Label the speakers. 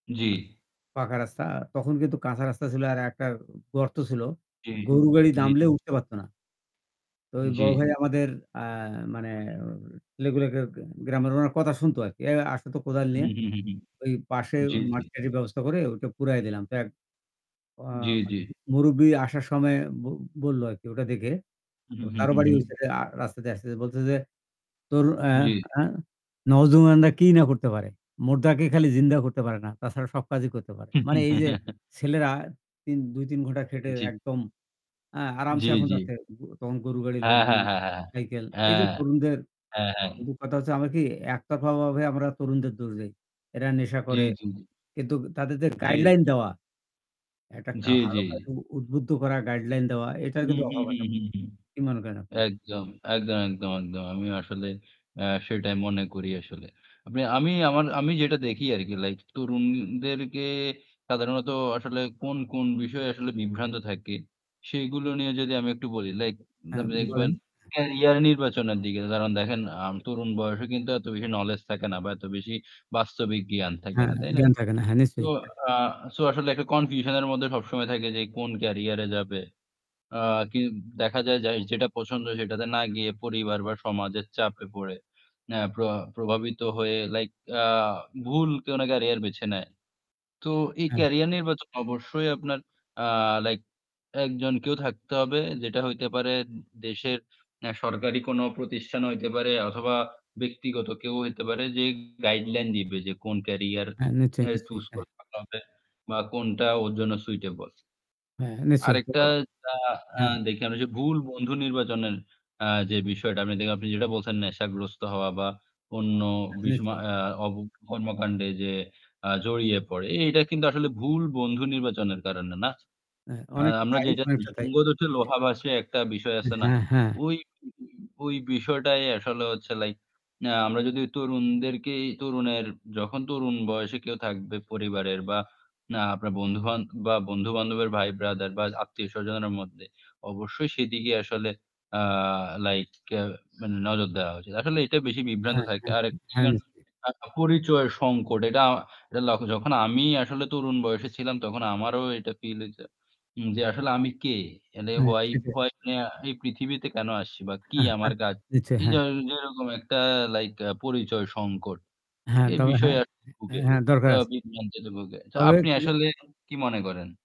Speaker 1: জ্বী।
Speaker 2: পাকা রাস্তা তখন কিন্তু কাঁচা রাস্তা ছিল আর একটা গর্ত ছিল।
Speaker 1: জ্বী,
Speaker 2: গরুর গাড়ি
Speaker 1: জ্বি।
Speaker 2: নামলে উঠতে পারত না। তো ওই
Speaker 1: জ্বি।
Speaker 2: বড় ভাই আমাদের আ মানে ছেলেগুলোকে গ্রামের উনার কথা শুনতো আরকি "এ আস তো কোদাল
Speaker 1: হুম,
Speaker 2: নিয়া।"
Speaker 1: হুম, হুম, হুম।
Speaker 2: ওই পাশে
Speaker 1: জ্বি, জ্বি।
Speaker 2: মাটি-টাটির ব্যবস্থা করে ওটা পুড়ায় দিলাম। তো এক অয়া
Speaker 1: জ্বী,
Speaker 2: বা
Speaker 1: জ্বী।
Speaker 2: মুরুব্বি আসার সময় ব বললো আরকি ওটা দেখে
Speaker 1: হুম, হুম,
Speaker 2: তার
Speaker 1: হুম,
Speaker 2: বাড়ি
Speaker 1: হুম।
Speaker 2: ওই সাইডে রাস্তা দিয়ে আসতেছে। বলতেছে যে "তোর এ
Speaker 1: জ্বী।
Speaker 2: আ নওজওয়ানরা কি না করতে পারে। মুর্দাকে খালি জিন্দা করতে পারে না। তাছাড়া সব কাজই করতে পারে।" মানে এই যে ছেলেরা ইন ২, ৩ ঘন্টা খেটে
Speaker 1: জ্বি।
Speaker 2: একদম আ আরামসে
Speaker 1: জ্বী,
Speaker 2: এখন
Speaker 1: জ্বী।
Speaker 2: যাচ্ছে তখন গরু গাড়ির
Speaker 1: হ্যাঁ,
Speaker 2: লোকজন
Speaker 1: হ্যাঁ, হ্যাঁ, হ্যাঁ, হ্যাঁ।
Speaker 2: সাইকেল। এই যে
Speaker 1: হ্যাঁ।
Speaker 2: তরুণদের
Speaker 1: হ্যাঁ,
Speaker 2: আম
Speaker 1: হ্যাঁ।
Speaker 2: কথা হচ্ছে আমরা কি একতরফাভাবে আমরা তরুণদের দোষ দেই। এরা নেশা
Speaker 1: জ্বী,
Speaker 2: করে।
Speaker 1: জ্বী, জ্বী।
Speaker 2: কিন্তু তাদের যে
Speaker 1: জী।
Speaker 2: গাইডলাইন দেওয়া। একটা কা
Speaker 1: জ্বি,
Speaker 2: ভালো
Speaker 1: জ্বি।
Speaker 2: কাজে উদ্বুদ্ধ করা গাইডলাইন দেওয়া এটার
Speaker 1: হুম,
Speaker 2: কিন্তু
Speaker 1: হুম,
Speaker 2: অভাব আছে।
Speaker 1: হুম, হুম, হুম।
Speaker 2: কি মনে করেন আপনি?
Speaker 1: একদম, একদম, একদম, একদম। আমিও আসলে আ সেটাই মনে করি আসলে। আমি আমার আমি যেটা দেখি আরকি লাইক তরুণদেরকে সাধারণত আসলে কোন, কোন বিষয়ে আসলে বিভ্রান্ত থাকে, সেগুলো নিয়ে যদি আমি একটু বলি লাইক
Speaker 2: হ্যাঁ,
Speaker 1: মানে
Speaker 2: বলেন।
Speaker 1: দেখবেন
Speaker 2: হ্যাঁ।
Speaker 1: ক্যারিয়ার নির্বাচনের দিকে। কারণ দেখেন আম তরুণ বয়সে কিন্তু এত বেশি knowledge থাকে না বা এত বেশি বাস্তবিক জ্ঞান থাকে
Speaker 2: হ্যাঁ,
Speaker 1: না। তাই না?
Speaker 2: জ্ঞান থাকে না। হ্যাঁ,
Speaker 1: তো
Speaker 2: নিশ্চয়ই। হ্যাঁ।
Speaker 1: আ সো আসলে একটা confusion এর মধ্যে সবসময় থাকে যে কোন ক্যারিয়ারে যাবে। আ কিন দেখা যায় যাই যেটা পছন্দ সেটাতে না গিয়ে পরিবার বা সমাজের চাপে পড়ে এ প্র প্রভাবিত হয়ে লাইক আ ভুল কোনো ক্যারিয়ার বেছে নেয়। তো এই
Speaker 2: হ্যাঁ।
Speaker 1: ক্যারিয়ার নির্বাচন অবশ্যই আপনার আ লাইক একজন কেউ থাকতে হবে। যেটা হইতে পারে দে দেশের এ সরকারি কোনো প্রতিষ্ঠান হইতে পারে অথবা ব্যক্তিগত কেউ হইতে পারে যে গাইডলাইন দিবে যে কোন ক্যারিয়ার
Speaker 2: হ্যাঁ, নিশ্চয়ই,
Speaker 1: এ
Speaker 2: নিশ্চয়ই।
Speaker 1: choose
Speaker 2: হ্যাঁ।
Speaker 1: করে হবে বা কোনটা ওর জন্য suitable।
Speaker 2: হ্যাঁ, নিশ্চয়ই। তো
Speaker 1: আরেকটা আ আ
Speaker 2: হ্যাঁ।
Speaker 1: দেখলাম ওইযে ভুল বন্ধু নির্বাচনের আ যে বিষয়টা আপনি যেটা বলছেন নেশাগ্রস্ত হওয়া বা অন্য বিস বা
Speaker 2: নিশ্চয়ই।
Speaker 1: অপ কর্মকাণ্ডে যে আ জড়িয়ে পড়ে। এটা কিন্তু আসলে ভুল বন্ধু নির্বাচনের কারণে না।
Speaker 2: হ্যাঁ,
Speaker 1: আ
Speaker 2: অনেকটা
Speaker 1: আমরা
Speaker 2: তাই।
Speaker 1: যেটা
Speaker 2: অনেকটা
Speaker 1: [unintelligible]
Speaker 2: তাই।
Speaker 1: 'সঙ্গ
Speaker 2: হ্যাঁ।
Speaker 1: দোষে লোহা ভাসে' একটা বিষয় আছে না?
Speaker 2: হ্যাঁ, হ্যাঁ।
Speaker 1: ওই উ উ বিষয়টাই আসলে হচ্ছে লাইক না আমরা যদি তরুণদেরকেই তরুণের যখন তরুণ বয়সে কেউ থাকবে পরিবারের বা না আপনার বন্ধু-বান্দ বা বন্ধু-বান্ধবের ভাই ব্রাদার বা আত্মীয় স্বজনের মধ্যে অবশ্যই সেদিকে আসলে আ লাইক আ মানে নজর দেওয়া উচিত। আসলে এটা বেশি বিভ্রান্ত
Speaker 2: হ্যাঁ,
Speaker 1: থাকে।
Speaker 2: হ্যাঁ,
Speaker 1: আরেক
Speaker 2: হ্যাঁ, হ্যাঁ
Speaker 1: [unintelligible]
Speaker 2: নিশ্চয়ই।
Speaker 1: পরিচয় সংকট। এটা লক্ষ্য যখন আমি আসলে তরুণ বয়সে ছিলাম তখন আমারও এটা ফিল হইছে। যে আসলে আমি কে?
Speaker 2: হ্যাঁ, সেটাই।
Speaker 1: [unintelligible] এই পৃথিবীতে কেন আসছি বা কি
Speaker 2: হ্যাঁ, হ্যাঁ,
Speaker 1: আমার কাজ।
Speaker 2: নিশ্চয়ই।
Speaker 1: এই যে
Speaker 2: হ্যাঁ।
Speaker 1: আ যেরকম একটা লাইক আ পরিচয় সংকট।
Speaker 2: হ্যাঁ,
Speaker 1: এই
Speaker 2: তবে হ্যাঁ।
Speaker 1: বিষয়ে আরকি ভুগে।
Speaker 2: হ্যাঁ, দরকার
Speaker 1: আ
Speaker 2: আছে।
Speaker 1: বিভ্রান্তিতে ভুগে। তো
Speaker 2: তবে
Speaker 1: আপনি
Speaker 2: কি য
Speaker 1: আসলে কি মনে করেন?